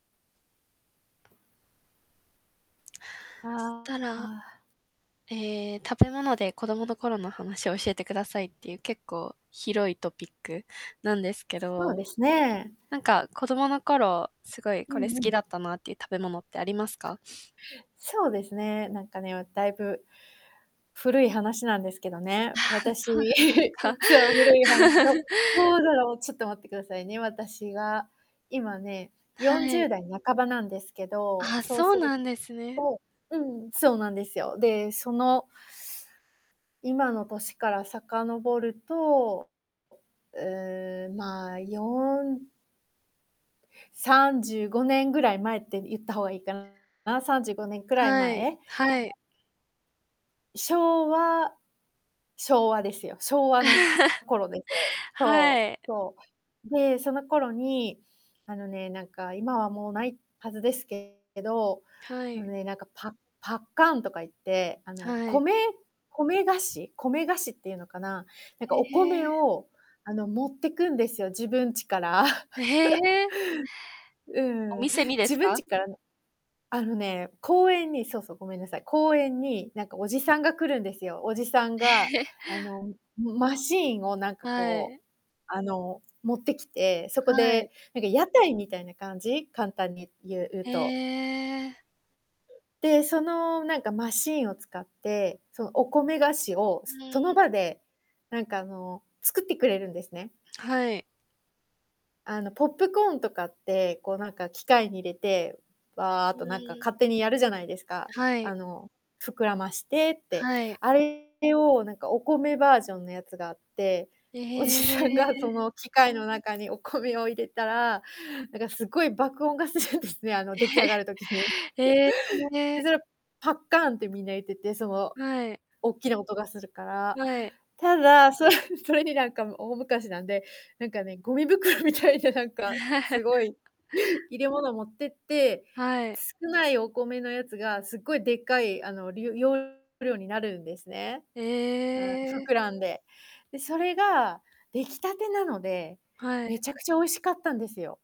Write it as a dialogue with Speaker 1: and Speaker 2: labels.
Speaker 1: す、
Speaker 2: あ
Speaker 1: た
Speaker 2: あ、
Speaker 1: ら
Speaker 2: あ。
Speaker 1: ええ、食べ物で子供の頃の話を教えてくださいっていう、結構広いトピックなんですけ
Speaker 2: そう
Speaker 1: ど、
Speaker 2: ですね。
Speaker 1: なんか、子供の頃、すごい
Speaker 2: う
Speaker 1: これ好
Speaker 2: んう
Speaker 1: き
Speaker 2: ん。
Speaker 1: だったなっていう食べ物ってありますか？
Speaker 2: そうですね、なんかね、わだいぶ古い話なんですけどね、
Speaker 1: ああ、
Speaker 2: 私
Speaker 1: そうなんですか。
Speaker 2: そう、古い話。ど どうだろう、ちょっと待ってくださいね、私は、今ね、よん
Speaker 1: は
Speaker 2: じゅう
Speaker 1: い。
Speaker 2: だい半ばなんですけど、
Speaker 1: あ、
Speaker 2: そう
Speaker 1: そ
Speaker 2: す
Speaker 1: う
Speaker 2: る
Speaker 1: なんですね。
Speaker 2: とうん、そうなんですよ。で、その今の年から遡ると、う、まあ、435年ぐらい前って言った方がいいかな、35年くらい
Speaker 1: はい。
Speaker 2: 前。
Speaker 1: はい。
Speaker 2: 昭和昭和ですよ。昭和の 頃です。
Speaker 1: は
Speaker 2: そ
Speaker 1: い。
Speaker 2: う、そう。で、その頃に、あのね、なんか、今はもうないはずですけど、
Speaker 1: は
Speaker 2: あの
Speaker 1: い。
Speaker 2: ね、なんかパパッカンとか言って、あの、
Speaker 1: はい。
Speaker 2: 米米菓子米菓子っていうのかな、なんか、お
Speaker 1: え
Speaker 2: 米
Speaker 1: え。
Speaker 2: を、あの、持ってくんですよ、自分ちから。
Speaker 1: え、へ え。
Speaker 2: う
Speaker 1: お
Speaker 2: ーん、
Speaker 1: 店にで
Speaker 2: 自
Speaker 1: す
Speaker 2: 分
Speaker 1: か？
Speaker 2: ちからなあのね、公園に、そうそう、ごめんなさい、公園に、なんか、おじさんが来るんですよ。おじさんが、
Speaker 1: ええ。
Speaker 2: あの、ん、む、マシーンを、なんか、
Speaker 1: は
Speaker 2: こ
Speaker 1: い。
Speaker 2: う、あの、持ってきて、そこ
Speaker 1: は
Speaker 2: で、
Speaker 1: い。
Speaker 2: なんか屋台みたいな感じ、簡単に言う言う
Speaker 1: へ
Speaker 2: と。
Speaker 1: え。
Speaker 2: で、その、なんかマシーンを使って、そう、お米菓子を
Speaker 1: うー
Speaker 2: その
Speaker 1: ん。
Speaker 2: 場で、なんか、あの、作ってくれるんですね。
Speaker 1: はい。
Speaker 2: あの、ポップコーンとかって、こう、なんか、機械に入れて、わあっ
Speaker 1: う
Speaker 2: と、なんか、
Speaker 1: ーん。
Speaker 2: 勝手にやるじゃないですか。
Speaker 1: は
Speaker 2: あ
Speaker 1: い。
Speaker 2: の、膨らましてって。
Speaker 1: はい。
Speaker 2: あれを、なんか、お米バージョンのやつがあって、
Speaker 1: え
Speaker 2: おじさんがそ
Speaker 1: え。
Speaker 2: の機械の中にお米を入れたら、なんかすっごい爆音がするんですね、あの出来上がる時に。
Speaker 1: ええ。へ
Speaker 2: で、
Speaker 1: え。
Speaker 2: それをパッカーンってみんな言ってて、その
Speaker 1: はい。
Speaker 2: おっきな音がするから。
Speaker 1: はい。
Speaker 2: ただ、そそれに、なんか、も、大昔なんで、なんかね、ゴミ袋みたいな、なんか、す ごい、入れ物持ってって、
Speaker 1: はい。
Speaker 2: 少ないお米のやつが、すっごいでっかい、あの、り容量になるんですね。
Speaker 1: え
Speaker 2: はい、
Speaker 1: え。
Speaker 2: 膨らんで。で、それが出来たてなので、
Speaker 1: は
Speaker 2: め
Speaker 1: い。
Speaker 2: ちゃくちゃ美味しかったんですよ。